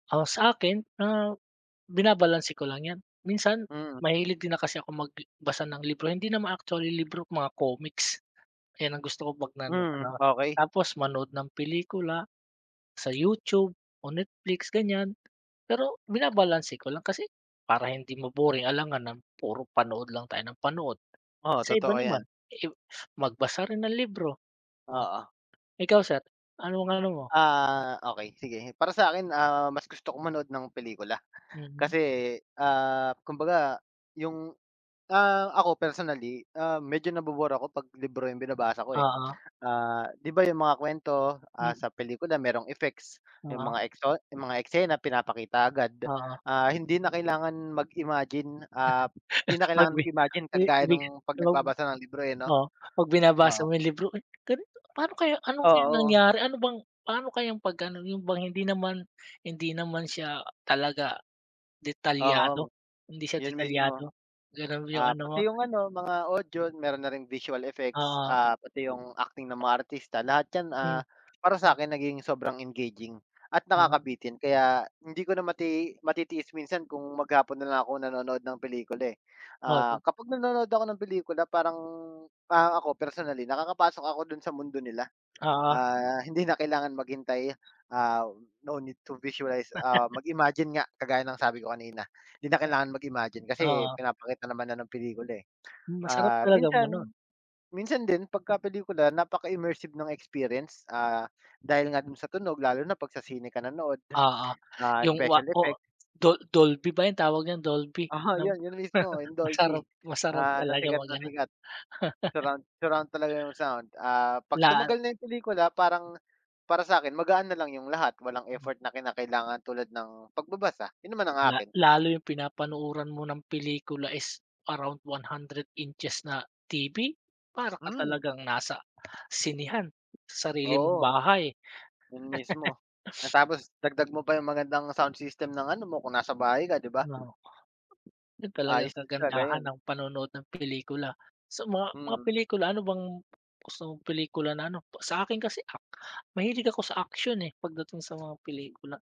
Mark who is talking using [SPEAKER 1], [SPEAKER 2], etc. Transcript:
[SPEAKER 1] Ah, sa akin, ah, binabalanse ko lang 'yan. Minsan
[SPEAKER 2] Mm.
[SPEAKER 1] mahilig din na kasi ako mag i basa ng libro. Hindi naman actually libro, mga komiks. Ayan ang gusto ko 'pag nano
[SPEAKER 2] Hmm.
[SPEAKER 1] ano.
[SPEAKER 2] Okey.
[SPEAKER 1] Tapos manood ng pelikula sa YouTube o Netflix, ganiyan. Pero binabalanse ko lang kasi para hindi ma-boring, alangan na puro panood lang tayo nang panood.
[SPEAKER 2] Oo,
[SPEAKER 1] Sa iba
[SPEAKER 2] totoo 'yan.
[SPEAKER 1] naman, eh, magbasa rin ng libro. Oh,
[SPEAKER 2] Oo.
[SPEAKER 1] ikaw, sir, anong ano mo?
[SPEAKER 2] Ah, okey sige. Para sa 'kin, ah, mas gusto kong manood ng pelikula.
[SPEAKER 1] Mhm.
[SPEAKER 2] Kasi, ah, kumbaga 'yong, ah, ako personally, ah, medyo nabu-bore ako 'pag libro 'yong binabasa ko, eh.
[SPEAKER 1] Oo.
[SPEAKER 2] Ah, 'di ba 'yong mga kwento, ah,
[SPEAKER 1] Mm.
[SPEAKER 2] sa pelikula mayro'ng effects, 'yong
[SPEAKER 1] Oo.
[SPEAKER 2] mga ekso 'yong mga eksena pinapakita agad.
[SPEAKER 1] Oo.
[SPEAKER 2] Ah, hindi na kailangan mag-imagine, ah, hindi na kailangan mag-imagine kagaya
[SPEAKER 1] [unintelligible]
[SPEAKER 2] ng 'pag nagbabasa ng libro, eh, 'no.
[SPEAKER 1] Oo, 'pag binabasa
[SPEAKER 2] Oo.
[SPEAKER 1] mo 'yong libro, "Ay, ganito paano kaya ano kayang
[SPEAKER 2] Oo.
[SPEAKER 1] nangyari? Ano bang paano kayang pag-ano?" 'Yon bang hindi naman hindi naman siya talaga
[SPEAKER 2] Oo,
[SPEAKER 1] detalyado. Hindi siya
[SPEAKER 2] 'yon mismo.
[SPEAKER 1] detalyado. Gano'n 'yong
[SPEAKER 2] Ah,
[SPEAKER 1] ano mo?
[SPEAKER 2] pati 'yong, ano, mga audio, mayro'n na ring visual effects,
[SPEAKER 1] Oo.
[SPEAKER 2] ah, pati 'yong acting ng mga artista. Lahat 'yan, ah,
[SPEAKER 1] Hmm.
[SPEAKER 2] para sa
[SPEAKER 1] Hmm.
[SPEAKER 2] 'kin nagiging sobrang engaging at
[SPEAKER 1] Oh?
[SPEAKER 2] nakakabitin. Kaya hindi ko na mati matitiis minsan kung maghapon na lang ako nanonood ng pelikula, eh.
[SPEAKER 1] Oh,
[SPEAKER 2] Ah,
[SPEAKER 1] tu
[SPEAKER 2] kapag nanonood ako ng pelikula parang parang ako, personally, nakakapasok ako do'n sa mundo nila.
[SPEAKER 1] Oo.
[SPEAKER 2] Ah, hindi na kailangan maghintay, ah, no need to visualize, ah, mag-imagine nga kagaya ng sabi ko kanina. Hindi na kailangan mag-imagine kasi
[SPEAKER 1] Oo.
[SPEAKER 2] pinapakita naman na ng pelikula, eh.
[SPEAKER 1] Masarap
[SPEAKER 2] Ah,
[SPEAKER 1] talagang
[SPEAKER 2] minsan
[SPEAKER 1] manood.
[SPEAKER 2] minsan din pagka pelikula napaka-immersive ng experience, ah, dahil nga do'n sa tunog, lalo na 'pag sa sine ka nanood,
[SPEAKER 1] Oo,
[SPEAKER 2] ah,
[SPEAKER 1] 'yong wa
[SPEAKER 2] special effects.
[SPEAKER 1] oh, Dol Dolphy ba 'yong tawag niyan, Dolphy?
[SPEAKER 2] Aha, 'yon 'yon mismo, 'yong
[SPEAKER 1] Masarap
[SPEAKER 2] Dolphy,
[SPEAKER 1] masarap
[SPEAKER 2] ah, na
[SPEAKER 1] talaga
[SPEAKER 2] sikat na
[SPEAKER 1] mag-ano.
[SPEAKER 2] sikat. Surround surround talaga 'yong sound, ah, 'pag
[SPEAKER 1] La
[SPEAKER 2] tumagal na 'yong pelikula, parang para sa 'kin, magaan na lang 'yong lahat. Walang effort na kinakailangan tulad ng pagbabasa, 'yon naman ang
[SPEAKER 1] La
[SPEAKER 2] akin.
[SPEAKER 1] lalo 'yong pinapanuuran mo ng pelikula is around 100 inches na TV? Para ka
[SPEAKER 2] Hmm.
[SPEAKER 1] talagang nasa sinehan, sa sarili mong
[SPEAKER 2] Oo.
[SPEAKER 1] bahay.
[SPEAKER 2] 'Yon mismo, na tapos dagdag mo pa 'yong magandang sound system ng ano mo kung nasa bahay ka, 'di ba?
[SPEAKER 1] Ano 'yon talagang
[SPEAKER 2] Ayos talaga
[SPEAKER 1] kagandahan
[SPEAKER 2] 'yon.
[SPEAKER 1] ng panonood ng pelikula. Sa mga mga
[SPEAKER 2] Hmm.
[SPEAKER 1] pelikula, ano bang gusto mong pelikula na ano sa akin kasi ak mahilig ako sa action, eh, pagdating sa mga pelikula.